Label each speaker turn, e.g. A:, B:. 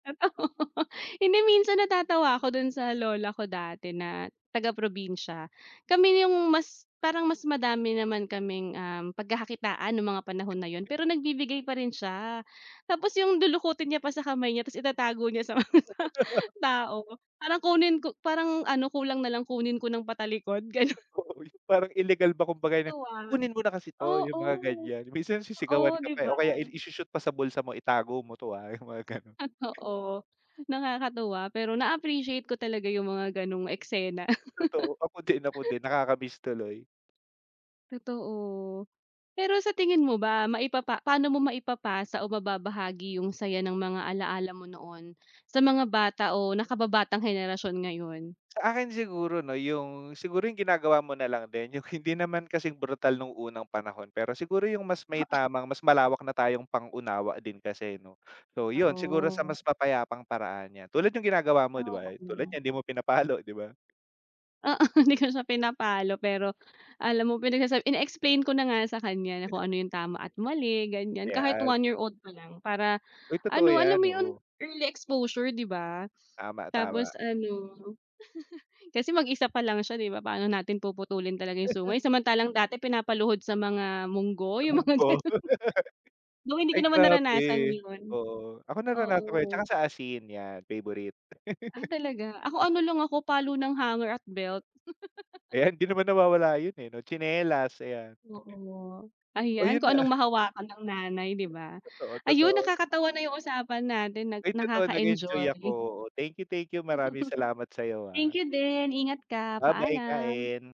A: Totoo, hindi, minsan natatawa ako dun sa lola ko dati na taga probinsiya. Kami yung mas parang mas madami naman kaming, um, pagkakakitaan ng mga panahon na iyon, pero nagbibigay pa rin siya. Tapos yung lulukutin niya pa sa kamay niya tapos itatago niya sa mga ta tao. Parang kunin ko parang ano kulang na lang kunin ko nang patalikod, gano'n.
B: Totoo 'yon, parang ilegal ba kumbaga'y na,
A: Tuwa.
B: "Kunin mo na kasi 'to", yung mga
A: Oo.
B: ganyan. Minsan,
A: Oo,
B: sisigawan ka
A: di
B: pa, eh,
A: ba?
B: o kaya il i-sho-shoot pa sa bulsa mo, "Itago mo to ah", yung mga ganun.
A: Totoo. Nakakatuwa, pero na-appreciate ko talaga yung mga ganong eksena.
B: Totoo ako din, ako din, nakakamiss tuloy.
A: Totoo. Pero sa tingin mo ba maipapa paano mo maipapasa o mababahagi yung saya ng mga alalaa mo noon, sa mga bata o nakababatang henerasyon ngayon?
B: Sa akin siguro no yung, siguro yung ginagawa mo na lang din yung hindi naman kasing brutal nung unang panahon. Pero siguro yung mas may
A: Oo.
B: tamang mas malawak na tayong pang-unawa din kasi no. So yun siguro sa mas
A: Totoo.
B: mapayapang paraan yan, tulad yung ginagawa mo di ba, tulad
A: Oo.
B: niyan hindi mo pinapalo di ba?
A: Oo, hindi ko siya pinapalo. Pero, alam mo pinagsasab ini-explain ko na nga sa kanya na kung ano yung tama at mali ganiyan, kahit
B: Ayan.
A: 1 year old pa lang para
B: Uy, totoo
A: ano alam
B: iyan,
A: mo yun
B: oo.
A: early exposure di ba?
B: Tama,
A: Tapos
B: tama.
A: ano kasi mag-isa pa lang siya di ba, paano natin puputulin talaga yung sungay, samantalang dati pinapaluhod sa mga monggo,
B: Sa
A: yung mga
B: monggo.
A: ganun. Though, hindi
B: Ay
A: ko naman
B: grabe,
A: naranasan yun
B: totoo. Ako naranasan ko yan at saka
A: Oo.
B: sa asin, iyan, favorite.
A: Ah, talaga? Ako ano
B: Oo.
A: lang ako, palo ng hanger at belt.
B: Ayan hindi naman nawawala yun. eh. no, tsinelas ayan. [unintelligible]
A: Oo,
B: Oh, yun
A: ayan kung
B: na.
A: anong mahawakan ng nanay di ba?
B: Totoo,
A: Ayun
B: totoo.
A: nakakatawa na yung usapan natin nag
B: Ay, totoo nag-enjoy ako,
A: nakaka-enjoy.
B: oh thank you, thank you, maraming salamat sa iyo, ah.
A: Thank you din ingat ka,
B: Babye,
A: paalam.
B: kain.